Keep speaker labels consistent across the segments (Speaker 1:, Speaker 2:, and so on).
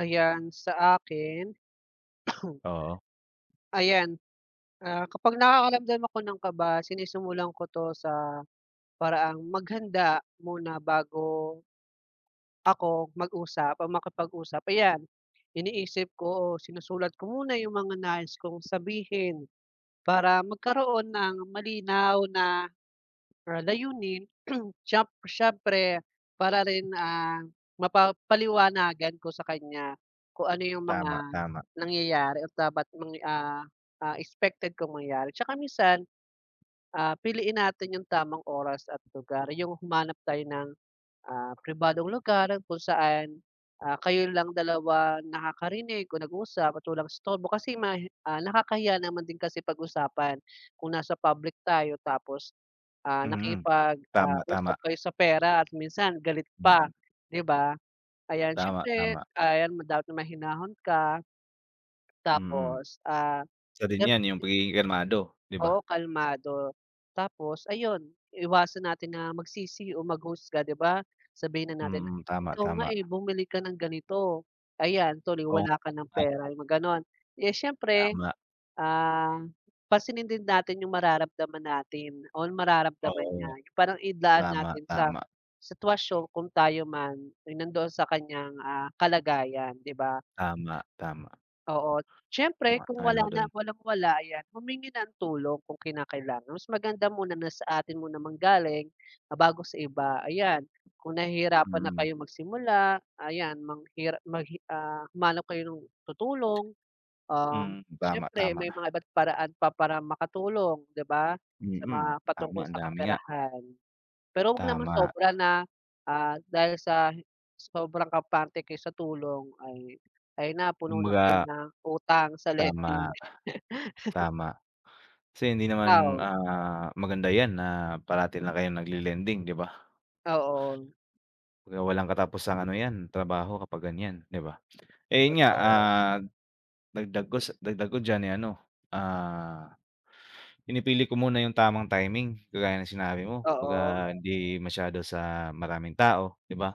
Speaker 1: Ayan, sa akin
Speaker 2: Oo.
Speaker 1: Ayan. Ah, kapag nakakaramdam ako ng kaba, sinisimulan ko 'to sa, paraang maghanda muna bago ako mag-usap o makipag-usap, ayan. Iniisip ko o sinusulat ko muna 'yong mga nais kong sabihin, para magkaroon ng malinaw na, ah, layunin. Siyem siyempre, para rin, ah, mapapaliwanagan ko sa kaniya, kung ano 'yong mga
Speaker 2: Tama, tama.
Speaker 1: nangyayari at dapat mang, ah ah, expected kong mangyari. 'Tsaka minsan, ah, piliin natin 'yong tamang oras at lugar, 'yong humanap tayo ng, ah, pribadong lugar kung saan, ah, kayo lang dalawa nakakarinig o nag-uusap at walang istorbo. Kasi mahi ah, nakakahiya naman din kasi pag-usapan, kung nasa public tayo, tapos, ah,
Speaker 2: Mhm.
Speaker 1: nakikipag, ah,
Speaker 2: Tama, tama.
Speaker 1: usap kayo sa pera at minsan galit pa,
Speaker 2: Mm.
Speaker 1: 'di ba. Ayan,
Speaker 2: Tama,
Speaker 1: siyempre,
Speaker 2: tama.
Speaker 1: ayan ma dapat na mahinahon ka
Speaker 2: Mm.
Speaker 1: tapos, ah,
Speaker 2: Isa din
Speaker 1: meron ka
Speaker 2: 'yan, 'yong
Speaker 1: din
Speaker 2: pagiging kalmado, 'di ba.
Speaker 1: Oo, kalmado. Tapos ayun, iwasan natin na magsisi o mag-husga, 'di ba. Sabihin na natin,
Speaker 2: Mm. Tama,
Speaker 1: "Ikaw nga,
Speaker 2: tama.
Speaker 1: eh, bumili ka ng ganito. Ayan, tuloy
Speaker 2: O
Speaker 1: wala ka ng
Speaker 2: Ay
Speaker 1: pera." 'yong mga gano'n. Eh, siyempre.
Speaker 2: Tama.
Speaker 1: Um, pansinin din natin 'yong mararamdaman natin o mararamdaman niya,
Speaker 2: Oo.
Speaker 1: 'yong parang idaan
Speaker 2: Tama,
Speaker 1: natin sa,
Speaker 2: tama.
Speaker 1: sitwasyon kung tayo man, ay nandoon sa kaniyang, ah, kalagayan, 'di ba.
Speaker 2: Tama, tama.
Speaker 1: Oo. Siyempre, kung
Speaker 2: Sumasang-ayon
Speaker 1: wala
Speaker 2: ako
Speaker 1: na,
Speaker 2: do'n.
Speaker 1: walang-wala, ayan humingi ng tulong kung kinakailangan. Mas maganda muna na sa atin muna manggaling, ah, bago sa iba. Ayan, kung nahihirapan na
Speaker 2: Mm.
Speaker 1: kayong magsimula, ayan manghira maghi ah, humanap kayo ng tutulong, um,
Speaker 2: Hmm. Tama,
Speaker 1: siyempre
Speaker 2: tama.
Speaker 1: may
Speaker 2: Ma
Speaker 1: mga iba't paraan pa para makatulong, 'di ba, sa mga
Speaker 2: Mm.
Speaker 1: patungkol
Speaker 2: Tama, ang
Speaker 1: sa
Speaker 2: dami nga.
Speaker 1: kaperahan. Pero, wag naman
Speaker 2: Tama.
Speaker 1: sobra na, ah, dahil sa, sobrang kampante kayo sa tulong ay, ay napuno na kayo
Speaker 2: Kumbaga
Speaker 1: ng utang sa
Speaker 2: Tama.
Speaker 1: lending.
Speaker 2: Tama, kasi hindi
Speaker 1: Ah,
Speaker 2: naman,
Speaker 1: oo.
Speaker 2: ah, maganda 'yan na parati lang kayong nagle-lending, 'di ba.
Speaker 1: Oo.
Speaker 2: Kaya walang katapusang ano 'yan, trabaho kapag ganiyan, 'di ba. Eh, 'yon nga,
Speaker 1: Totoo.
Speaker 2: ah, dagdag ko sa dagdag diyan, eh, ano, ah, pinipili ko muna 'yong tamang timing, kagaya ng sinabi mo.
Speaker 1: Oo.
Speaker 2: 'Baga hindi masyado sa maraming tao, 'di ba,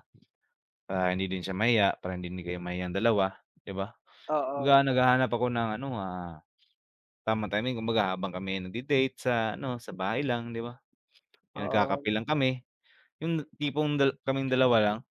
Speaker 2: para hindi din siya mahiya, para hindi din kayo mahiyang dalawa, 'di ba.
Speaker 1: Oo.
Speaker 2: Kumbaga naghahanap ako ng ano, ah, tamang timing, kumbaga habang kami ay nagde-date sa ano, sa bahay lang, 'di ba, 'yong nagkakape
Speaker 1: Oo.
Speaker 2: lang kami. 'Yong na tipong dal kaming dalawa lang.